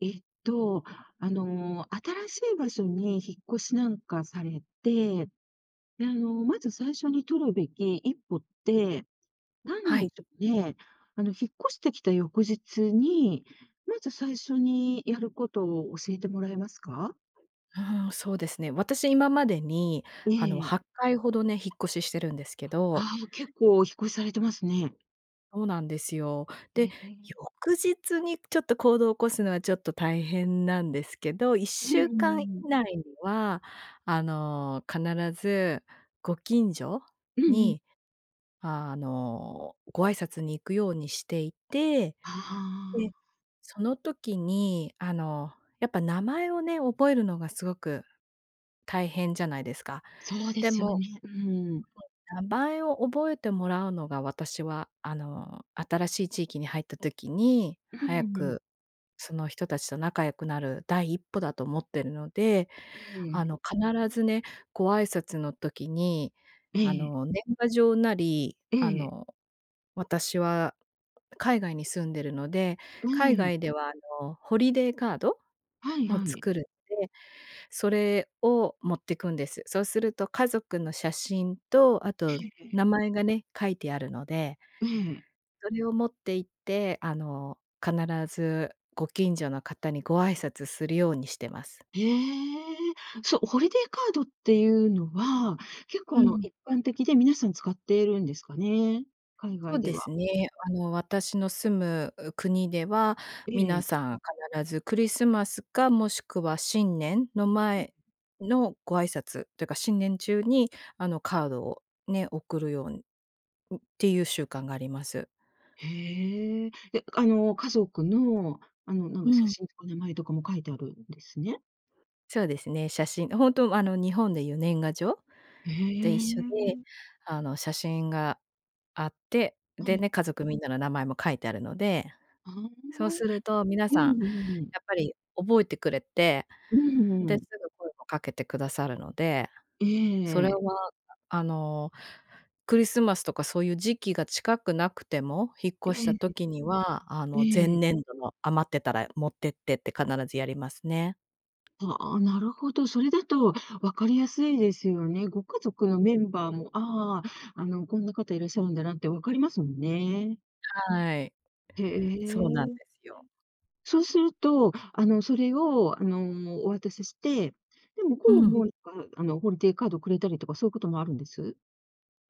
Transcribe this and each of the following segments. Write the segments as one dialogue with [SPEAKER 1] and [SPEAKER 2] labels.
[SPEAKER 1] えっと、あの、新しい場所に引っ越しなんかされて、で、あの、まず最初に取るべき一歩って、なん
[SPEAKER 2] はい。
[SPEAKER 1] で、ちょ、ね？あの、引っ越してきた翌日に、まず最初にやることを教えてもらえますか？
[SPEAKER 2] うーん、そうですね。私、今までに、
[SPEAKER 1] え
[SPEAKER 2] あの、
[SPEAKER 1] え。
[SPEAKER 2] 8回ほどね、引っ越ししてるんですけど
[SPEAKER 1] ああ、え、結構お引っ越しされてますね。
[SPEAKER 2] そうなんですよ。で、
[SPEAKER 1] え、ええ。
[SPEAKER 2] 翌日にちょっと行動起こすのはちょっと大変なんですけど、いっ
[SPEAKER 1] う
[SPEAKER 2] しゅう
[SPEAKER 1] ん、う
[SPEAKER 2] かん以
[SPEAKER 1] ーん。
[SPEAKER 2] 内には、あの、必ずご近所に、
[SPEAKER 1] うんうん。
[SPEAKER 2] あの、ご挨拶に行くようにしていて、
[SPEAKER 1] は、は
[SPEAKER 2] で、
[SPEAKER 1] あ。
[SPEAKER 2] その時にあの、やっぱ名前をね覚えるのがすごく大変じゃないですか、
[SPEAKER 1] そうで
[SPEAKER 2] で
[SPEAKER 1] すよ
[SPEAKER 2] も
[SPEAKER 1] ね、うん。
[SPEAKER 2] 名前を覚えてもらうのが、私は、あの、新しい地域に入った時に、
[SPEAKER 1] う
[SPEAKER 2] 早
[SPEAKER 1] ん、うん。
[SPEAKER 2] くその人達と仲良くなる第一歩だと思ってるので、
[SPEAKER 1] え
[SPEAKER 2] あ
[SPEAKER 1] え。
[SPEAKER 2] の、必ずね、ご挨拶の時に、
[SPEAKER 1] え
[SPEAKER 2] あ
[SPEAKER 1] え。
[SPEAKER 2] の、年賀状なり、
[SPEAKER 1] え
[SPEAKER 2] あ
[SPEAKER 1] え。
[SPEAKER 2] の、私は海外に住んでるので、海
[SPEAKER 1] [unintelligible]
[SPEAKER 2] 外では、あの、ホリデーカード？
[SPEAKER 1] はい
[SPEAKER 2] を
[SPEAKER 1] はい。
[SPEAKER 2] 作るんで、それを持ってくんです。そうすると家族の写真と、あ
[SPEAKER 1] え
[SPEAKER 2] と
[SPEAKER 1] えええ。
[SPEAKER 2] 名前がね、書いてあるので
[SPEAKER 1] ええ。
[SPEAKER 2] それを持って行って、あの、必ずご近所の方にご挨拶するようにしてます。
[SPEAKER 1] へえ、そ、ホリデーカードっていうのは、結
[SPEAKER 2] う
[SPEAKER 1] 構、あの、
[SPEAKER 2] ん。
[SPEAKER 1] 一般的で皆さん使ってるんですかね、海
[SPEAKER 2] そ
[SPEAKER 1] 外
[SPEAKER 2] う
[SPEAKER 1] で
[SPEAKER 2] で
[SPEAKER 1] は？
[SPEAKER 2] すね。あの、私の住む、う、国では、
[SPEAKER 1] え
[SPEAKER 2] 皆
[SPEAKER 1] え。
[SPEAKER 2] さん必ずクリスマスかもしくは新年の
[SPEAKER 1] うん。
[SPEAKER 2] 前のご挨拶というか、新年中にあの、カードをね、送るように、ん、っていう習慣があります。
[SPEAKER 1] へえ、で、あの、家族の、あの、なん
[SPEAKER 2] う
[SPEAKER 1] か写
[SPEAKER 2] ん。
[SPEAKER 1] 真とか名前とかも書いてあるんですね？
[SPEAKER 2] そうですね。写真ほんと、あの、日本で言う年賀状？
[SPEAKER 1] え
[SPEAKER 2] で、一緒で。
[SPEAKER 1] え。
[SPEAKER 2] あの、写真があって。
[SPEAKER 1] は
[SPEAKER 2] で
[SPEAKER 1] い。
[SPEAKER 2] ね、家族みんなの名前も書いてあるので。
[SPEAKER 1] ああああ。
[SPEAKER 2] そうすると皆
[SPEAKER 1] う
[SPEAKER 2] さん
[SPEAKER 1] んうんうん。
[SPEAKER 2] やっぱり覚えてくれて、
[SPEAKER 1] うんう
[SPEAKER 2] で、
[SPEAKER 1] ん。
[SPEAKER 2] すぐ声を掛けてくださるので。
[SPEAKER 1] ええ
[SPEAKER 2] そ
[SPEAKER 1] え
[SPEAKER 2] れ
[SPEAKER 1] ええ
[SPEAKER 2] は
[SPEAKER 1] え。
[SPEAKER 2] ああの、クリスマスとかそういう時期が近くなくても、引っ
[SPEAKER 1] え
[SPEAKER 2] 越した
[SPEAKER 1] え、え。
[SPEAKER 2] 時には、あ
[SPEAKER 1] え
[SPEAKER 2] の、前
[SPEAKER 1] えええ。
[SPEAKER 2] 年度の余ってたら、持ってってって必ずやりますね。
[SPEAKER 1] ああ、なるほど。それだと分かりやすいですよね。ご家族のメンバーも、ああああ、あの、こんな方いらっしゃるんだなって、分かりますもんね。
[SPEAKER 2] はい、
[SPEAKER 1] へ
[SPEAKER 2] そうなんで
[SPEAKER 1] え。
[SPEAKER 2] すよ。
[SPEAKER 1] そうすると、あの、それを、あの、お渡しして。で、向こ
[SPEAKER 2] ふ
[SPEAKER 1] う
[SPEAKER 2] ん。
[SPEAKER 1] もああの、ホリデーカードをくれたりとか、そういうこともあるんです？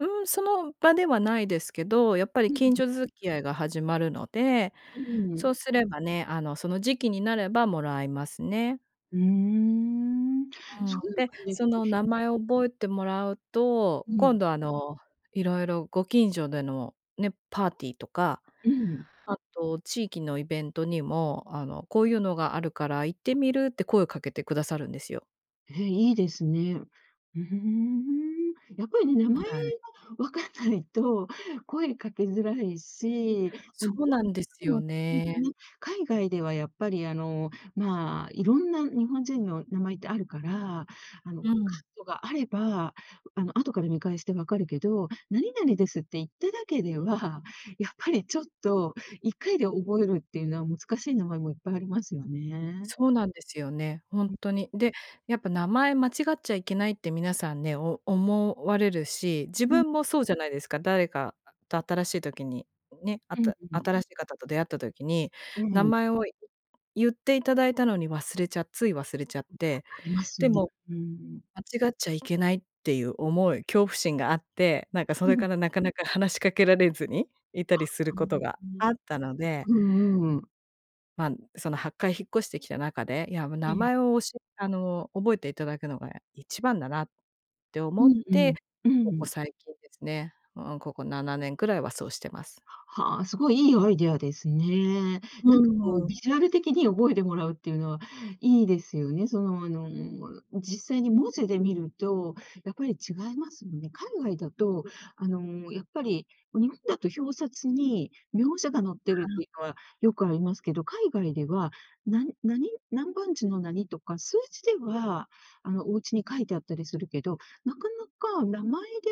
[SPEAKER 2] うん、その場ではないですけど。やっぱり、
[SPEAKER 1] うん。
[SPEAKER 2] 近所付き合いが始まるので。
[SPEAKER 1] う
[SPEAKER 2] そ
[SPEAKER 1] ん。
[SPEAKER 2] うすればね、あの、その時期になれば貰いますね。
[SPEAKER 1] うん。
[SPEAKER 2] うん。で、その、名
[SPEAKER 1] [unintelligible]
[SPEAKER 2] 前を覚えてもらうと、
[SPEAKER 1] うん。
[SPEAKER 2] 今度、あの、色々ご近所でのね、パーティーとか、
[SPEAKER 1] うん。
[SPEAKER 2] あと、地域のイベントにも、あの「こういうのがあるから行ってみる？」って声を掛けてくださるんですよ。
[SPEAKER 1] え、いいですね、うーん。やっぱりね、名
[SPEAKER 2] は
[SPEAKER 1] 前が
[SPEAKER 2] い。
[SPEAKER 1] 分かん ないと声掛けづらいし、あ、
[SPEAKER 2] そ
[SPEAKER 1] 日
[SPEAKER 2] うなんです
[SPEAKER 1] 本人の
[SPEAKER 2] よ
[SPEAKER 1] [unintelligible] って
[SPEAKER 2] ね。
[SPEAKER 1] ね、海外ではやっぱり、あの、まあ、色んな日本人の名前ってあるから、あの、
[SPEAKER 2] う
[SPEAKER 1] カー
[SPEAKER 2] ん。
[SPEAKER 1] ドがあれば、あの、あとから見返して分かるけど、「なになにです」って言っただけでは、やっぱりちょっと1回で覚えるっていうのはむつかしい名前もいっぱいありますよね。
[SPEAKER 2] そうなんですよね、ほん
[SPEAKER 1] ん。
[SPEAKER 2] とに。で、やっぱ名前間違っちゃいけないって皆さんね、お思われるし、自
[SPEAKER 1] うん。
[SPEAKER 2] 分もそうじゃないですか、誰かと新しい時に、ね、会った
[SPEAKER 1] [unintelligible]
[SPEAKER 2] 新しい方と出会った時に、
[SPEAKER 1] う
[SPEAKER 2] 名
[SPEAKER 1] ん。
[SPEAKER 2] 前をい、ゆっていただいたのに忘れちゃつい忘れちゃっ
[SPEAKER 1] ん、
[SPEAKER 2] て、
[SPEAKER 1] あります
[SPEAKER 2] で
[SPEAKER 1] よね。
[SPEAKER 2] も、
[SPEAKER 1] うん。
[SPEAKER 2] 間違っちゃいけないっていう思い、恐怖心があって、なんかそれ
[SPEAKER 1] うん。
[SPEAKER 2] からなかなか話し掛けられずにいた
[SPEAKER 1] あ、
[SPEAKER 2] りする
[SPEAKER 1] う
[SPEAKER 2] こと
[SPEAKER 1] ん、
[SPEAKER 2] が
[SPEAKER 1] うん。
[SPEAKER 2] あったので
[SPEAKER 1] うんうん。
[SPEAKER 2] ま、その8回引っ越してきた中で、や、も、
[SPEAKER 1] え
[SPEAKER 2] 名
[SPEAKER 1] え。
[SPEAKER 2] 前を教えあの覚えていただくのが一番だなって
[SPEAKER 1] う
[SPEAKER 2] 思っ
[SPEAKER 1] ん、う
[SPEAKER 2] て、
[SPEAKER 1] ん。う
[SPEAKER 2] ここ
[SPEAKER 1] ん。
[SPEAKER 2] 最近ですね、うん、ここ7年ぐらいはそうしてます。
[SPEAKER 1] ははあ、すごいいいアイディアですね。なん
[SPEAKER 2] ふ
[SPEAKER 1] か
[SPEAKER 2] ん
[SPEAKER 1] こ
[SPEAKER 2] ふ
[SPEAKER 1] う
[SPEAKER 2] ん。
[SPEAKER 1] ビジュアル的に覚えてもらうっていうのはいいですよね、そのあの、も実際に文字で見ると、やっぱり違いますよね。海外だとあのやっぱり、日本だと表札に苗字が載ってるっ
[SPEAKER 2] は。
[SPEAKER 1] ていうのはよくありますけど、海外では、なに、なに、なん番地のなにとか、数字では、あの、おうちに書いてあったりするけど、なかなか名前で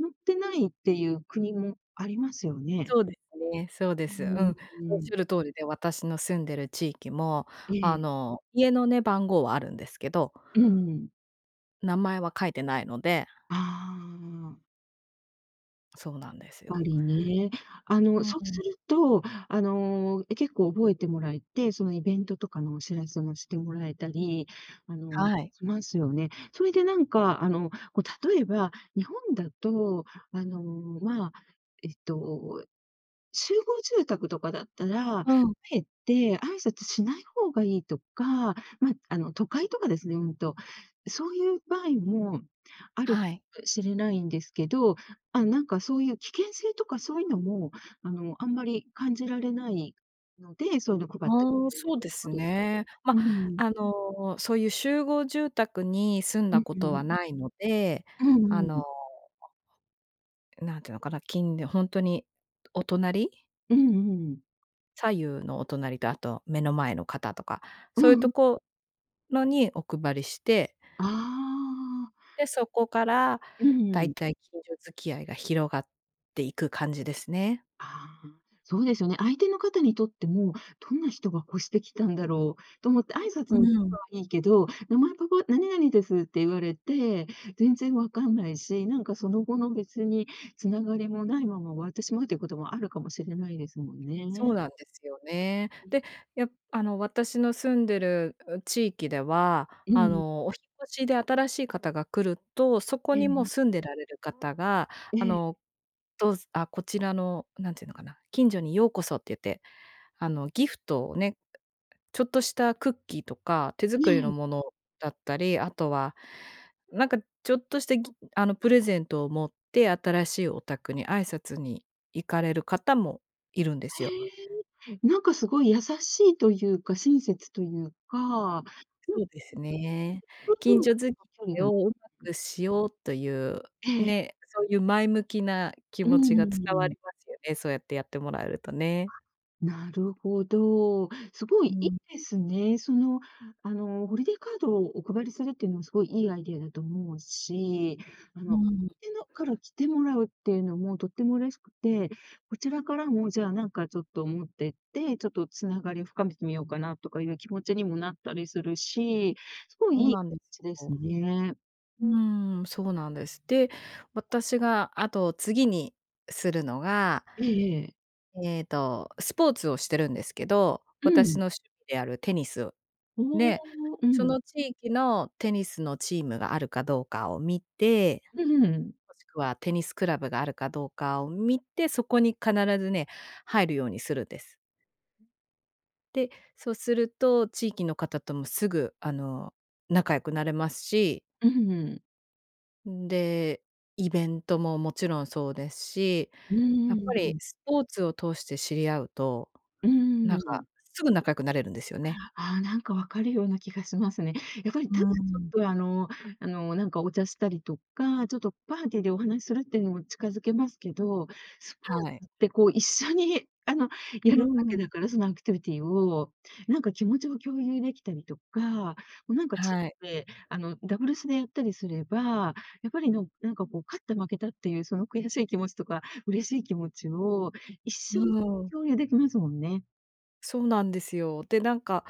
[SPEAKER 1] 載ってないっていう国もありますよね。
[SPEAKER 2] そうですね、そうで
[SPEAKER 1] う
[SPEAKER 2] す。うん、
[SPEAKER 1] ん、う
[SPEAKER 2] おっし
[SPEAKER 1] ん。
[SPEAKER 2] ゃる通りで、私の住んでる地域も、
[SPEAKER 1] え
[SPEAKER 2] あ
[SPEAKER 1] え。
[SPEAKER 2] の、家のね番号はあるんですけど
[SPEAKER 1] うんうん。
[SPEAKER 2] 名前は書いてないので
[SPEAKER 1] ああ。
[SPEAKER 2] そうなんです
[SPEAKER 1] ぱ
[SPEAKER 2] よ。
[SPEAKER 1] りね。あ
[SPEAKER 2] う
[SPEAKER 1] の、そう
[SPEAKER 2] ん。
[SPEAKER 1] すると、あの、え、結構覚えてもらえて、そのイベントとかのお知らせもしてもらえたり、あの、
[SPEAKER 2] はい。
[SPEAKER 1] しますよね。それでなんか、あの、こ、例えば、日本だと、あの、まあ、えっと、集合住宅とかだったら、
[SPEAKER 2] うん。
[SPEAKER 1] 敢えて挨拶しない方がいいとか、ま、あの、都会とかですね、うんと、そういう場合もある
[SPEAKER 2] はい。
[SPEAKER 1] しれないんですけど、あの、なんか、そういう危険性とかそういうのも、あの、あんまり感じられないので、そういうのを配ってく
[SPEAKER 2] ああ、
[SPEAKER 1] れるっ
[SPEAKER 2] そ
[SPEAKER 1] て
[SPEAKER 2] うで
[SPEAKER 1] こ
[SPEAKER 2] す
[SPEAKER 1] とです、
[SPEAKER 2] ね。ま、
[SPEAKER 1] うん。
[SPEAKER 2] あの、そういう集合住宅に住ん
[SPEAKER 1] う
[SPEAKER 2] だ
[SPEAKER 1] ん
[SPEAKER 2] こ
[SPEAKER 1] う
[SPEAKER 2] とは
[SPEAKER 1] ん。
[SPEAKER 2] ないので、
[SPEAKER 1] う
[SPEAKER 2] あ
[SPEAKER 1] んう
[SPEAKER 2] の、
[SPEAKER 1] ん。
[SPEAKER 2] 何ていうのかな、きんりほんとに、お隣？
[SPEAKER 1] うんうんうん。
[SPEAKER 2] 左右のお隣と、あと目の前の方とか。そ
[SPEAKER 1] う
[SPEAKER 2] ういうと
[SPEAKER 1] ん。
[SPEAKER 2] ころにお配りして。
[SPEAKER 1] ああ。
[SPEAKER 2] で、そこから
[SPEAKER 1] うんう
[SPEAKER 2] 大
[SPEAKER 1] ん。
[SPEAKER 2] 体、近所付き合いが広がっていく感じですね。
[SPEAKER 1] ああ、そうですよね。相手の方にとっても、どんな人が越して来たんだろうと思って挨
[SPEAKER 2] うー
[SPEAKER 1] 拶に来た
[SPEAKER 2] ん。
[SPEAKER 1] のはいいけど、名前ここ「何々です」って言われて、全然分かんないし、なんかその後の、別に繋がりもないまま終わってしまうということも、あるかもしれないですもん
[SPEAKER 2] そう
[SPEAKER 1] ね。
[SPEAKER 2] なんですよね。で、やあの、私の住んでる、う地域では、
[SPEAKER 1] う
[SPEAKER 2] あ
[SPEAKER 1] ん。
[SPEAKER 2] の、お引越しで新しい方が来ると、そこ
[SPEAKER 1] え
[SPEAKER 2] にもう
[SPEAKER 1] え。
[SPEAKER 2] 住んでられる方が、
[SPEAKER 1] え
[SPEAKER 2] あ
[SPEAKER 1] え。
[SPEAKER 2] の、どうずあ、こちらのなんていうのかな、「近所にようこそ」って言って、あの、ギフトをね、ちょっとしたクッキーとか手
[SPEAKER 1] え
[SPEAKER 2] 作りの
[SPEAKER 1] え。
[SPEAKER 2] ものだったり、あとは、なんか、ちょっとしたギあの、プレゼントを持って、新しいお宅に挨拶に行かれる方もいるんですよ。
[SPEAKER 1] へえ。なんか、すごい優しいというか、親切というか。人
[SPEAKER 2] そうですね。
[SPEAKER 1] と人と
[SPEAKER 2] 近
[SPEAKER 1] の
[SPEAKER 2] 所付
[SPEAKER 1] 距離
[SPEAKER 2] 合い
[SPEAKER 1] が
[SPEAKER 2] をうまくしようという、
[SPEAKER 1] ええ。
[SPEAKER 2] ね。そういう、前向きな気
[SPEAKER 1] うん
[SPEAKER 2] 持ち
[SPEAKER 1] うん
[SPEAKER 2] が伝わ
[SPEAKER 1] う
[SPEAKER 2] り
[SPEAKER 1] ん。
[SPEAKER 2] ますよね。そうやってやってもらえるとね。
[SPEAKER 1] なるほど。すごい、
[SPEAKER 2] う
[SPEAKER 1] いい
[SPEAKER 2] ん。
[SPEAKER 1] ですね。その、あの、ホリデーカードをお配りするっていうのは、すごいいいアイデアだと思うし、あ
[SPEAKER 2] う
[SPEAKER 1] の、
[SPEAKER 2] ーん。
[SPEAKER 1] ちのから来てもらうっていうのも、とっても嬉しくて。こちらからも、じゃあ、なんか、ちょっと持ってって、ちょっと繋がりを深めてみようかな、とかいう気持ちにもなったりするし。すごい。
[SPEAKER 2] そう
[SPEAKER 1] いい
[SPEAKER 2] なんです
[SPEAKER 1] ちです
[SPEAKER 2] よ。
[SPEAKER 1] ね。
[SPEAKER 2] うーん、そうなんです。で、私があと、次にするのが
[SPEAKER 1] ええええ。
[SPEAKER 2] えっと、スポーツをしてるんですけど、
[SPEAKER 1] う
[SPEAKER 2] 私
[SPEAKER 1] ん。
[SPEAKER 2] の趣味であるテニスを。
[SPEAKER 1] お
[SPEAKER 2] で、
[SPEAKER 1] お。う
[SPEAKER 2] そ
[SPEAKER 1] ん。
[SPEAKER 2] の地域のテニスのチームがあるかどうかを見て、
[SPEAKER 1] うんうん。
[SPEAKER 2] もしくはテニスクラブがあるかどうかを見て、そこに必ずね、入るようにするんです。で、そうすると地域の方ともすぐ、あの、仲良くなれますし
[SPEAKER 1] うんうん。
[SPEAKER 2] ん、で、イベントももちろんそうですし、
[SPEAKER 1] うー
[SPEAKER 2] やっぱり
[SPEAKER 1] ん。
[SPEAKER 2] スポーツを通して知り合うと、
[SPEAKER 1] う
[SPEAKER 2] なん
[SPEAKER 1] ー
[SPEAKER 2] か、
[SPEAKER 1] ん。
[SPEAKER 2] すぐ仲良くなれるんですよね。
[SPEAKER 1] ああ、なんか分かるような気がしますね。やっぱり、
[SPEAKER 2] う
[SPEAKER 1] ただ、ち
[SPEAKER 2] ー
[SPEAKER 1] ょっ
[SPEAKER 2] ん。
[SPEAKER 1] と、あの、あの、なんか、お茶したりとか、ちょっとパーティーでお話するっていうのも近づけますけど、スポ
[SPEAKER 2] はい。
[SPEAKER 1] ーツって、こう、一緒に、あの、
[SPEAKER 2] う
[SPEAKER 1] やるわ
[SPEAKER 2] ーん。
[SPEAKER 1] けだから、そのアクティビティを、なんか、気持ちも共有できたりとか、も、なんか、チ
[SPEAKER 2] はい。
[SPEAKER 1] ームで、あの、ダブルスでやったりすれば、やっぱりのなんか、こう、勝った負けたっていうその悔しい気持ちとか嬉しい気持ちを一
[SPEAKER 2] う
[SPEAKER 1] 緒に
[SPEAKER 2] ーん。
[SPEAKER 1] 共有できますもんね。
[SPEAKER 2] そうなんですよ。で、なんか、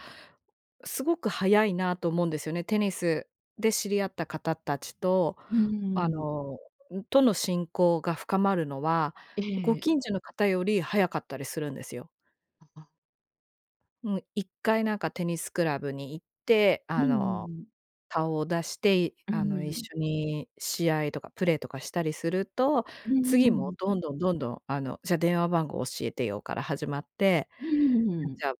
[SPEAKER 2] すごく早いなと思うんですよね。テニスで知り合った方たちと、
[SPEAKER 1] うー
[SPEAKER 2] あ
[SPEAKER 1] ん。
[SPEAKER 2] の、んとの親交が深まるのは、
[SPEAKER 1] え
[SPEAKER 2] ご
[SPEAKER 1] え。
[SPEAKER 2] 近所の方より早かったりするんですよ。
[SPEAKER 1] あ、あ。
[SPEAKER 2] うん、1回なんかテニスクラブに行って、
[SPEAKER 1] うん
[SPEAKER 2] あ
[SPEAKER 1] うん
[SPEAKER 2] の、
[SPEAKER 1] うん。
[SPEAKER 2] 顔を出して、い
[SPEAKER 1] う
[SPEAKER 2] あの、一
[SPEAKER 1] ん。
[SPEAKER 2] 緒に試合とかプレーとかしたりすると、
[SPEAKER 1] うんう
[SPEAKER 2] 次も
[SPEAKER 1] んうん。
[SPEAKER 2] どんどんどんどん、あの、「じゃ、電話番号教えてよ」から始まって、
[SPEAKER 1] うんうんうん。
[SPEAKER 2] 「じゃ、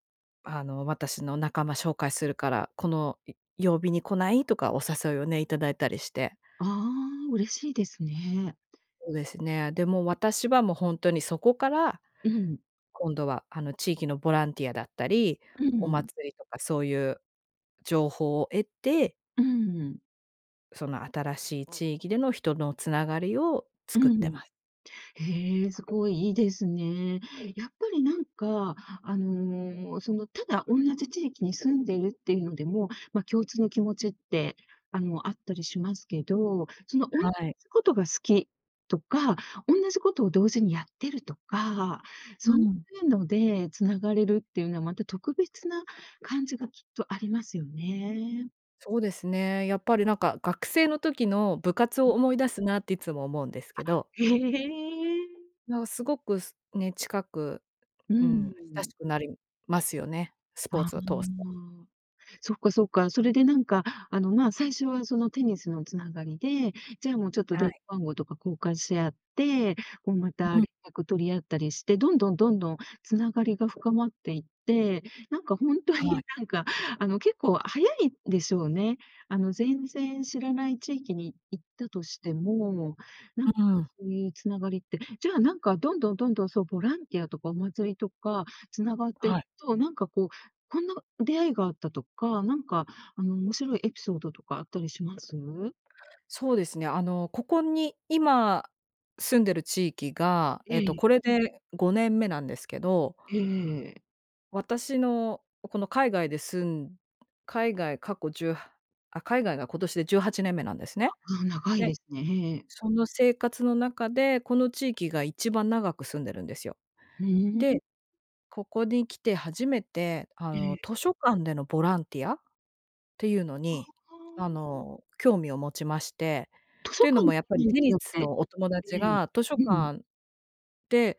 [SPEAKER 2] あの、私の仲間紹介するから、このよ曜日に来ない？」とか、お誘いをねいただいたりして
[SPEAKER 1] ああ、嬉しいですね。
[SPEAKER 2] そうですね。で、もう、私はもうほんとにそこから、
[SPEAKER 1] うん。
[SPEAKER 2] 今度はあの、地域のボランティアだったり
[SPEAKER 1] うん
[SPEAKER 2] お
[SPEAKER 1] うん。
[SPEAKER 2] 祭りとかそういう情報を得て
[SPEAKER 1] うんうん。
[SPEAKER 2] その新しい地域での、人のつながりを
[SPEAKER 1] う
[SPEAKER 2] 作っ
[SPEAKER 1] んう
[SPEAKER 2] て
[SPEAKER 1] ん。
[SPEAKER 2] ます。
[SPEAKER 1] へえ、すごい、いいですね。やっぱりなんか、あの、そのただおんなじ地域に住んでいるっていうのでも、まあ共通の気持ちって、あの、あったりしますけど、そのおんな
[SPEAKER 2] は
[SPEAKER 1] じ
[SPEAKER 2] い。
[SPEAKER 1] ことが好きとか、おんなじことを同時にやってるとか、
[SPEAKER 2] う
[SPEAKER 1] そうい
[SPEAKER 2] ん。
[SPEAKER 1] うのでつながれるっていうのは、また特別な感じがきっとありますよね。
[SPEAKER 2] そうですね。やっぱりなんか、学生の時の部活を
[SPEAKER 1] ん。
[SPEAKER 2] 思い出すなって、いつも思うんですけ
[SPEAKER 1] あ、
[SPEAKER 2] ど
[SPEAKER 1] へえ。
[SPEAKER 2] や、すごく、すね、近く、
[SPEAKER 1] うー
[SPEAKER 2] うん、親
[SPEAKER 1] ん。
[SPEAKER 2] しくなりますよね、スポー
[SPEAKER 1] ああ、
[SPEAKER 2] ツを通すと。
[SPEAKER 1] そっかそっか。それでなんか、あの、まあ、最初はそのテニスのつながりで、じゃあ、もう、ちょっと
[SPEAKER 2] は
[SPEAKER 1] 電
[SPEAKER 2] い。
[SPEAKER 1] 話番号とか交換し合って、こうまた
[SPEAKER 2] う
[SPEAKER 1] 連
[SPEAKER 2] ん。
[SPEAKER 1] 絡取り合ったりして、どんどん、どんどんつながりが深まっていって、なんかほんと
[SPEAKER 2] は
[SPEAKER 1] に、
[SPEAKER 2] い。
[SPEAKER 1] なんかあの、結構早いでしょうね。あの、全然知らない地域に行ったとしても、なんか、
[SPEAKER 2] うん。
[SPEAKER 1] そういうつながりってじゃあ、なんかどんどん、どんどん、そう、ボランティアとかお祭りとかつながってい
[SPEAKER 2] は
[SPEAKER 1] く
[SPEAKER 2] い。
[SPEAKER 1] と、なんかこう、こんな出会いがあったとか、なんか、あの面白いエピソードとかあったりします？
[SPEAKER 2] そうですね、あの、ここに今住んでる地域が、えっと、
[SPEAKER 1] え
[SPEAKER 2] こ
[SPEAKER 1] え。
[SPEAKER 2] れで5年目なんですけど
[SPEAKER 1] ええええ。
[SPEAKER 2] 私の、この海外で住ん海外、過去10、はあ、海外が今年で18年目なんですね。
[SPEAKER 1] ああ、長い
[SPEAKER 2] で、
[SPEAKER 1] ですね。
[SPEAKER 2] その生活の中で、この地域が一番長く住んでるんですよ。
[SPEAKER 1] うーん。
[SPEAKER 2] で、ここに来て初めて、あ
[SPEAKER 1] え
[SPEAKER 2] の、
[SPEAKER 1] え。
[SPEAKER 2] 図書館でのボランティアっていうの
[SPEAKER 1] あ
[SPEAKER 2] に、あ
[SPEAKER 1] あ。
[SPEAKER 2] の、興味を持ちまして。
[SPEAKER 1] 図書
[SPEAKER 2] というの
[SPEAKER 1] 館
[SPEAKER 2] も、やっぱ
[SPEAKER 1] に
[SPEAKER 2] り
[SPEAKER 1] 行っ
[SPEAKER 2] テ
[SPEAKER 1] て
[SPEAKER 2] ニ
[SPEAKER 1] やっ
[SPEAKER 2] ス
[SPEAKER 1] て
[SPEAKER 2] のお友達
[SPEAKER 1] ええ、
[SPEAKER 2] が、図書
[SPEAKER 1] うん。
[SPEAKER 2] 館で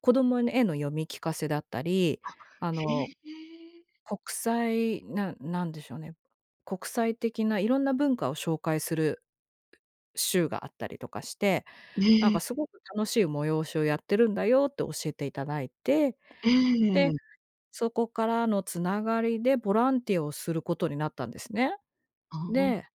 [SPEAKER 2] 子供に絵の読み聞かせだったり、
[SPEAKER 1] あ、
[SPEAKER 2] あ
[SPEAKER 1] へ
[SPEAKER 2] の、
[SPEAKER 1] え。
[SPEAKER 2] 国際、なん、なんでしょうね、国際的な色んな文化を紹介する週があったりとかして、なん
[SPEAKER 1] ね。
[SPEAKER 2] か「すごく楽しい催しをやってるんだよ」って教えていただいて、
[SPEAKER 1] え
[SPEAKER 2] で、
[SPEAKER 1] えええ。
[SPEAKER 2] そこからのつながりでボランティアをすることになったんですね。
[SPEAKER 1] ああ。
[SPEAKER 2] で、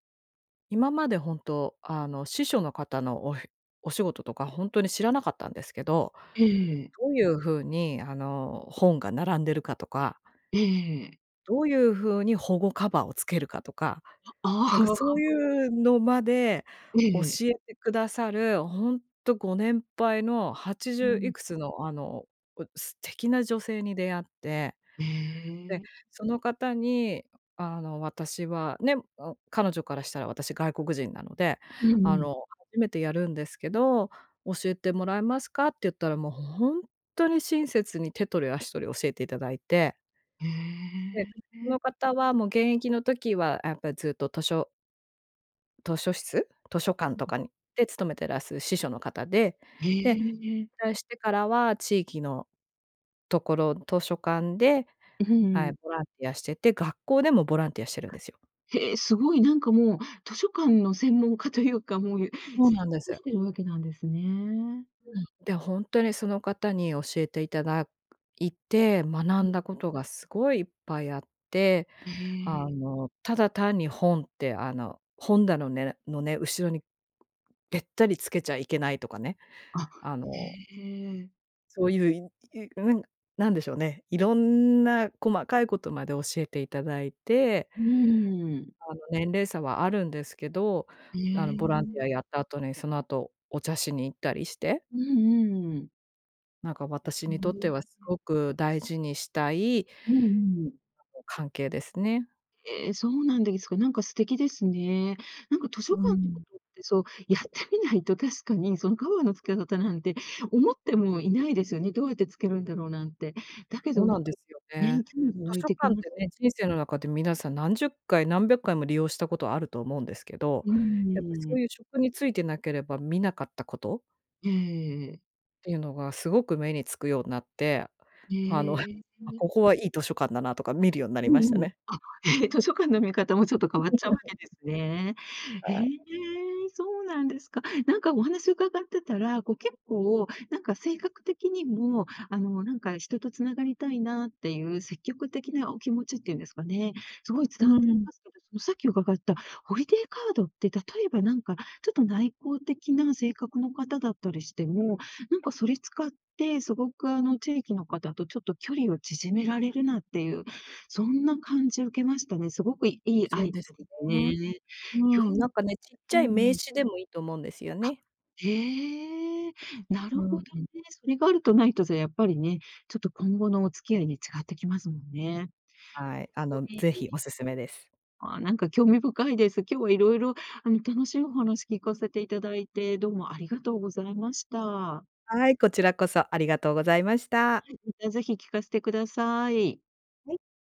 [SPEAKER 2] 今までほんと、あの、司書の方のおひ、お仕事とかほんとに知らなかったんですけど、
[SPEAKER 1] ええ。
[SPEAKER 2] どういうふうに、あの、本が並んでるかとか
[SPEAKER 1] ええ。
[SPEAKER 2] どういうふうに保護カバーをつけるかとか、
[SPEAKER 1] あ、あ
[SPEAKER 2] なん
[SPEAKER 1] あ
[SPEAKER 2] か、
[SPEAKER 1] ああ、
[SPEAKER 2] そう
[SPEAKER 1] あ。
[SPEAKER 2] いうのまで
[SPEAKER 1] え
[SPEAKER 2] 教
[SPEAKER 1] え。
[SPEAKER 2] えてくださる、ほんとご年配の、はちじ
[SPEAKER 1] う
[SPEAKER 2] ゅうい
[SPEAKER 1] ん。
[SPEAKER 2] くつの、あの、こ、素敵な女性に出会って、で、
[SPEAKER 1] ええ。
[SPEAKER 2] その方に、あの私はね、ん、彼女からしたら私外国人なので、
[SPEAKER 1] う
[SPEAKER 2] あ
[SPEAKER 1] んうん。
[SPEAKER 2] の「初めてやるんですけど、教えてもらえますか？」って言ったら、もうほんとに親切に手取り足取り教えていただいて
[SPEAKER 1] へ
[SPEAKER 2] で、そ
[SPEAKER 1] え。
[SPEAKER 2] の方はもう現役の時はやっぱずっと図書図書室？図書館
[SPEAKER 1] う
[SPEAKER 2] と
[SPEAKER 1] ん。
[SPEAKER 2] かにで、勤めてらす司書の方で、
[SPEAKER 1] へ
[SPEAKER 2] で、引
[SPEAKER 1] え。
[SPEAKER 2] 退してからは地域のところ、図書館で、
[SPEAKER 1] うふん、う
[SPEAKER 2] は
[SPEAKER 1] ん。
[SPEAKER 2] い、ボランティアしてて、学校でもボランティアしてるんですよ。
[SPEAKER 1] へえ、すごい、なんか、もう、図書館の専門家というか、もうね、
[SPEAKER 2] そうなんで
[SPEAKER 1] [unintelligible]
[SPEAKER 2] す。
[SPEAKER 1] してるわけなんですね。
[SPEAKER 2] うん。で、ほんとにその方に教えていただいて、学
[SPEAKER 1] うん。
[SPEAKER 2] んだことがすごいいっぱいあって、
[SPEAKER 1] へ
[SPEAKER 2] あ
[SPEAKER 1] え。
[SPEAKER 2] の、ただ単に本って、あの、本だのねのね、後ろにべったりつけちゃいけないとかね、
[SPEAKER 1] あ、
[SPEAKER 2] あ
[SPEAKER 1] へ
[SPEAKER 2] の
[SPEAKER 1] え。
[SPEAKER 2] そういう、いい、ううん、なんでしょうね、いろんな細かいことまで教えていただいて。
[SPEAKER 1] うーん。
[SPEAKER 2] あの、年齢差はあるんですけど、
[SPEAKER 1] え
[SPEAKER 2] あの、ボランティア
[SPEAKER 1] え。
[SPEAKER 2] やった後にその後お茶しに行ったりして。
[SPEAKER 1] うん、うーん。
[SPEAKER 2] なんか、
[SPEAKER 1] え
[SPEAKER 2] 私にとってはす
[SPEAKER 1] え。
[SPEAKER 2] ごく大事にしたい
[SPEAKER 1] うんうん。
[SPEAKER 2] 関係ですね。
[SPEAKER 1] え、そうなんですか。なんか素敵ですね。なんか図書
[SPEAKER 2] うー
[SPEAKER 1] 館のこ
[SPEAKER 2] ん。
[SPEAKER 1] とってそう、やってみないと確かに、そのカバーの付け方なんて思ってもいないですよね。どうやってつけるんだろうなんて。だけ
[SPEAKER 2] そ
[SPEAKER 1] ど
[SPEAKER 2] うなんですよ
[SPEAKER 1] [unintelligible] ね、
[SPEAKER 2] ね。
[SPEAKER 1] 興味湧
[SPEAKER 2] 図
[SPEAKER 1] い
[SPEAKER 2] 書
[SPEAKER 1] てき
[SPEAKER 2] 館っ
[SPEAKER 1] ま
[SPEAKER 2] て
[SPEAKER 1] す。
[SPEAKER 2] ね、人生の中で皆さん何十回、何百回も利用したことはあると思うんですけど、
[SPEAKER 1] う
[SPEAKER 2] やっぱ
[SPEAKER 1] ー
[SPEAKER 2] そ
[SPEAKER 1] ん。
[SPEAKER 2] ういう職に就いてなければ見なかったこと？
[SPEAKER 1] ええ。
[SPEAKER 2] ていうのがすごく目につくようになって、あの、
[SPEAKER 1] へえ。
[SPEAKER 2] ここはいい図書館だなとか見るようになり
[SPEAKER 1] う
[SPEAKER 2] ました
[SPEAKER 1] んうん。
[SPEAKER 2] ね。
[SPEAKER 1] あ、ええ、図書館の見方もちょっと変わっちゃうわけで すね。へ
[SPEAKER 2] はい。
[SPEAKER 1] え、そうなんですか。なんかお話伺ってたら、こう結構なんか性格的にも、あのなんか、人と繋がりたいなっていう積極的なお気持ちっていうんですかね、すごい
[SPEAKER 2] う
[SPEAKER 1] 伝わってき
[SPEAKER 2] ん。
[SPEAKER 1] ますけど、そのさっき伺ったホリデーカードって例えばなんか、ちょっと内向的な性格の方だったりしても、なんかそれ使ってすごくあの地域の方とちょっと距離を縮められるなっていう、そんな感じ受けましたね。すごくいいア
[SPEAKER 2] そう
[SPEAKER 1] イデ
[SPEAKER 2] です
[SPEAKER 1] アです
[SPEAKER 2] ね。
[SPEAKER 1] ね。
[SPEAKER 2] う
[SPEAKER 1] 今
[SPEAKER 2] ん、
[SPEAKER 1] 日
[SPEAKER 2] なんかね、ちっ
[SPEAKER 1] [unintelligible]
[SPEAKER 2] ちゃ
[SPEAKER 1] ね、
[SPEAKER 2] い
[SPEAKER 1] う
[SPEAKER 2] 名
[SPEAKER 1] ん。
[SPEAKER 2] 刺でもいいと思うんですよ
[SPEAKER 1] あ。
[SPEAKER 2] ね。
[SPEAKER 1] へえ、なる
[SPEAKER 2] う
[SPEAKER 1] ほどね。
[SPEAKER 2] ん。
[SPEAKER 1] それがあるとないとじゃやっぱりね、ちょっと今後のお付き合いに違ってきますもんね。
[SPEAKER 2] はい。あ
[SPEAKER 1] [unintelligible]
[SPEAKER 2] の、
[SPEAKER 1] い
[SPEAKER 2] 是
[SPEAKER 1] い。
[SPEAKER 2] 非、お勧めです。
[SPEAKER 1] ああ、なんか興味深いです。今日は色々あの楽しいお話聞かせていただいて、どうもありがとうございました。
[SPEAKER 2] はい、こちらこそありがとうございました。
[SPEAKER 1] はい、またぜひ聞かせてください。
[SPEAKER 2] はい。